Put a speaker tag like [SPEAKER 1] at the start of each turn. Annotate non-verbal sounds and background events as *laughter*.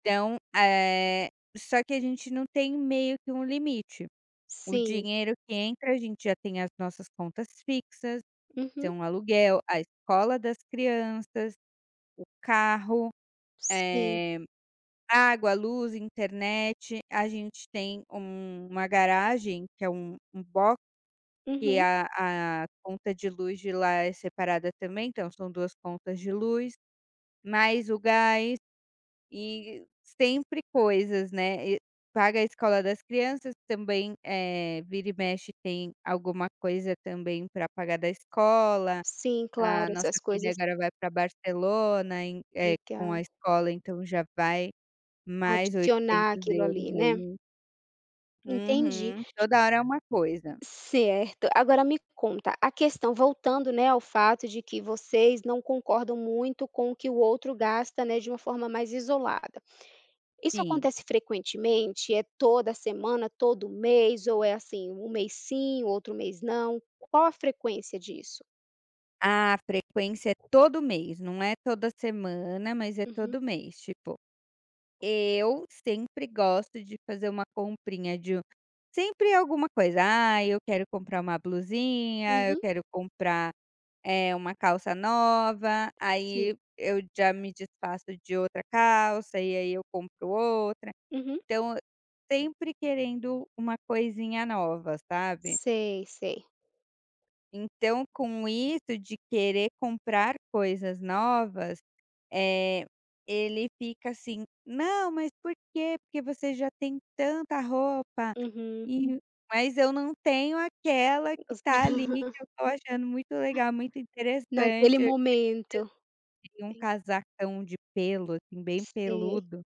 [SPEAKER 1] Então, eh, só que a gente não tem meio que um limite, o
[SPEAKER 2] Sim.
[SPEAKER 1] dinheiro que entra a gente já tem as nossas contas fixas, que
[SPEAKER 2] Uhum.
[SPEAKER 1] são aluguel, a escola das crianças, o carro,
[SPEAKER 2] Sim.
[SPEAKER 1] eh, água, luz, internet, a gente tem uma garagem que é um um box, que
[SPEAKER 2] Uhum.
[SPEAKER 1] a a conta de luz de lá é separada também então são 2 contas de luz, mais o gás e sempre coisas, né, e paga a escola das crianças também, eh, vira e mexe tem alguma coisa também pra pagar da escola,
[SPEAKER 2] Sim
[SPEAKER 1] a
[SPEAKER 2] claro,
[SPEAKER 1] nossa
[SPEAKER 2] essas
[SPEAKER 1] filha
[SPEAKER 2] coisas
[SPEAKER 1] agora vai para Barcelona em, eh, com a
[SPEAKER 2] Legal.
[SPEAKER 1] escola então já vai mais
[SPEAKER 2] Adicionar
[SPEAKER 1] oitocentos
[SPEAKER 2] aquilo
[SPEAKER 1] euros
[SPEAKER 2] ali, né.
[SPEAKER 1] aí.
[SPEAKER 2] Entendi.
[SPEAKER 1] Uhum. Toda hora é uma coisa.
[SPEAKER 2] Certo, agora me conta, a questão voltando, né, ao fato de que vocês não concordam muito com o que o outro gasta, né, de uma forma mais isolada. Isso
[SPEAKER 1] Sim.
[SPEAKER 2] acontece frequentemente? É toda semana, todo mês, ou é assim, um mês sim, outro mês não? Qual a frequência disso?
[SPEAKER 1] A frequência é todo mês, não é toda semana mas é
[SPEAKER 2] Uhum.
[SPEAKER 1] todo mês tipo, eu sempre gosto de fazer uma comprinha de um sempre alguma coisa, ai eu quero comprar uma blusinha, eu
[SPEAKER 2] Uhum.
[SPEAKER 1] quero comprar, eh, uma calça nova,
[SPEAKER 2] Sim.
[SPEAKER 1] aí eu já me desfaço de outra calça e aí eu compro outra,
[SPEAKER 2] Uhum.
[SPEAKER 1] então sempre querendo uma coisinha nova, sabe.
[SPEAKER 2] Sei, sei.
[SPEAKER 1] Então com isso de querer comprar coisas novas, eh, ele fica assim: "Não mas por quê? Porque você já tem tanta roupa",
[SPEAKER 2] Uhum.
[SPEAKER 1] e mas eu não tenho aquela que está ali que
[SPEAKER 2] *unintelligible*
[SPEAKER 1] eu estou achando muito legal, muito
[SPEAKER 2] Naquele
[SPEAKER 1] interessante, eu esses dias
[SPEAKER 2] momento.
[SPEAKER 1] vi de um
[SPEAKER 2] Tem
[SPEAKER 1] casacão de pelo, assim, bem
[SPEAKER 2] Sim.
[SPEAKER 1] peludo